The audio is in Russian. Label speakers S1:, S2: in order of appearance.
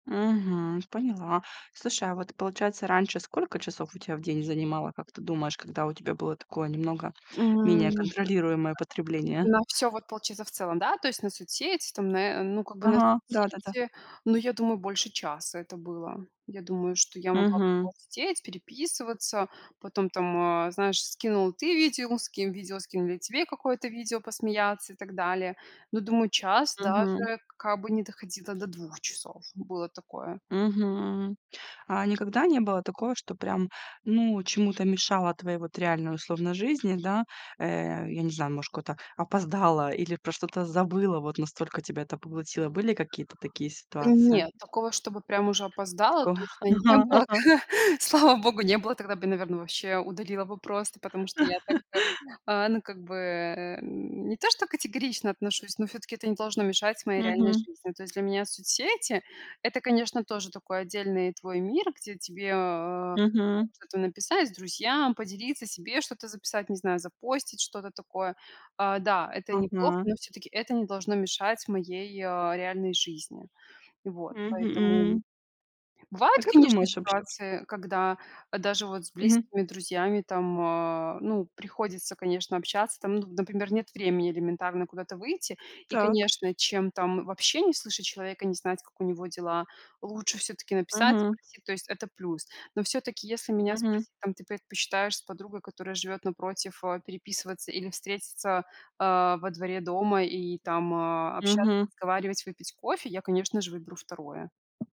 S1: Мгм. Поняла. Слушай, а вот, получается, раньше сколько часов у тя в день занимало, как ты думаешь, когда у тебя было такое, немного менее
S2: М.
S1: контролируемое потребление?
S2: На всё вот, получается, в целом, да? То есть на соцсети там, на, э, ну, как бы на
S1: Ага, да-да-да.
S2: соцсети, ну, я думаю, больше часа это было. Я думаю, что я могла прямо
S1: Мгм.
S2: вот сидеть, переписываться, потом там, а, знаешь, скинул ты видео, скину видео скинули тебе какое-то видео, посмеяться и так далее, Но, думаю, час,
S1: Мгм.
S2: даже как бы не доходило до 2 часов. Было такое.
S1: Мгм. А никогда не было такого, что прям, ну, чему-то мешало твоей вот реальной, условно, жизни, да? Э, я не знаю, ну, может, куда-то опоздала или про что-то забыла, вот настолько тебя это поглотило, были какие-то такие ситуации?
S2: Нет, такого, чтобы прям уже
S1: Есть
S2: опоздала
S1: такого,
S2: точно не
S1: ага,
S2: было.
S1: ага.
S2: Слава богу, не было. Тогда бы, наверно, вообще удалила бы просто, потому что я так как, а, ну, как бы, э, м, не то, что категорично отношусь, но всё-таки это не должно мешать моей реальной
S1: Мгм.
S2: жизни. То есть для меня соцсети это, конечно, тоже такой отдельный твой мир, где тебе, э, там
S1: Мгм.
S2: что-то написать с друзьям, поделиться себе, что-то записать, не знаю, запостить что-то такое, а, да, это неплохо,
S1: Ага.
S2: но всё-таки это не должно мешать моей, а, реальной жизни, вот поэтому
S1: Мгм. А
S2: Бывает,
S1: как
S2: конечно,
S1: думаешь вообще?
S2: ситуации, когда, а даже вот с
S1: Мгм.
S2: близкими друзьями там, а, ну, приходится, конечно, общаться там, ну, например, нет времени элементарно куда-то выйти и,
S1: Так.
S2: конечно, чем там вообще не слышать человека, не знать, как у него дела, лучше всё-таки написать,
S1: Мгм.
S2: спросить, то есть это плюс. Но всё-таки, если меня
S1: Мгм.
S2: спросить, там ты предпочитаешь с подругой, которая живёт напротив, а, переписываться или встретиться, а, во дворе дома и там, а, общаться,
S1: Мгм.
S2: разговаривать, выпить кофе, я, конечно же, выберу 2.